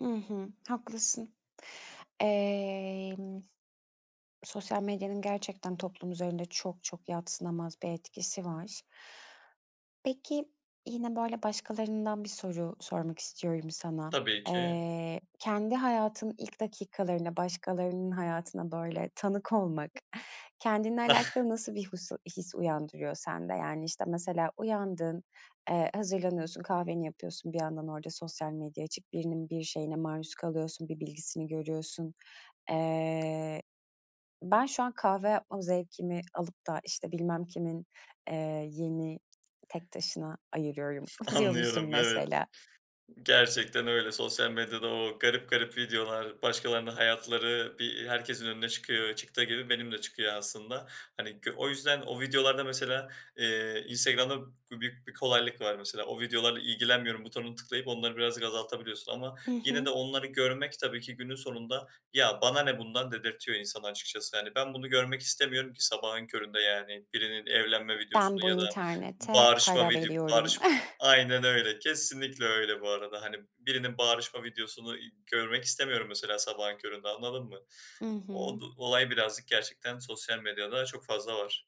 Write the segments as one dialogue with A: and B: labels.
A: Hı hı, haklısın. Emm, sosyal medyanın gerçekten toplum üzerinde çok çok yadsınamaz bir etkisi var. Peki, yine, böyle, başkalarından bir soru sormak istiyorum sana.
B: Tabii ki.
A: Eee, kendi hayatının ilk dakikalarına, başkalarının hayatına, böyle, tanık olmak kendinle alakalı nasıl bir husu his uyandırıyor sende? Yani, işte, mesela, uyandın, eee, hazırlanıyorsun, kahveni yapıyorsun. Bir yandan orada sosyal medya açık, birinin bir şeyine maruz kalıyorsun, bir bilgisini görüyorsun. Eee, "Ben şu an kahve yapma zevkimi alıp da, işte, bilmem kimin, eee, yeni tek taşına ayırıyorum." diyor musun
B: Anlıyorum, evet.
A: mesela?
B: Gerçekten öyle. Sosyal medyada o garip garip videolar, başkalarının hayatları bir herkesin önüne çıkıyor, çıktığı gibi benim de çıkıyor aslında. Hani, gö o yüzden o videolarda mesela, eee, Instagram'da büyük bir kolaylık var mesela. O videolarla ilgilenmiyorum butonuna tıklayıp onları birazcık azaltabiliyorsun ama
A: Hı
B: yine
A: hı.
B: de onları görmek tabii ki günün sonunda, "Ya, bana ne bundan!" dedirtiyor insana açıkçası. Hani, ben bunu görmek istemiyorum ki sabahın köründe, yani, birinin evlenme
A: Ben
B: videosunu
A: bu
B: ya da
A: internete
B: bağırışma
A: para
B: vidi
A: veriyorum.
B: bağırışma Aynen öyle. Kesinlikle öyle bu arada. Hani, birinin bağırışma videosunu i görmek istemiyorum mesela sabahın köründe, anladın mı?
A: I
B: O
A: hı.
B: du olay birazcık gerçekten sosyal medyada çok fazla var.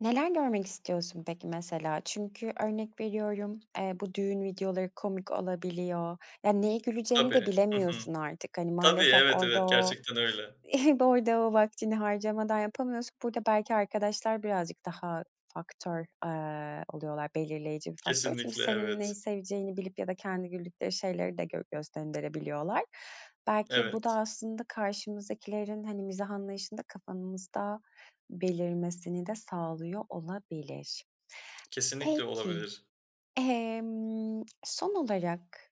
A: Neler görmek istiyorsun peki, mesela? Çünkü örnek veriyorum, eee, bu düğün videoları komik olabiliyor. Ya, neye güleceğini de
B: Tabii, hı hı.
A: bilemiyorsun artık. Hani,
B: Tabii,
A: maalesef
B: evet,
A: orada
B: evet.
A: o
B: Gerçekten öyle.
A: orada o vaktini harcamadan yapamıyorsun. Burada belki arkadaşlar birazcık daha faktör, eee, oluyorlar, belirleyici bir faktör. Çünkü
B: Kesinlikle.
A: senin
B: Evet.
A: neyi seveceğini bilip ya da kendi güldükleri şeyleri de gö gös gönderebiliyorlar. Belki bu da
B: Evet.
A: aslında karşımızdakilerin, hani, mizah anlayışını da kafamızda belirmesini de sağlıyor olabilir.
B: Kesinlikle
A: Peki,
B: olabilir.
A: emm, son olarak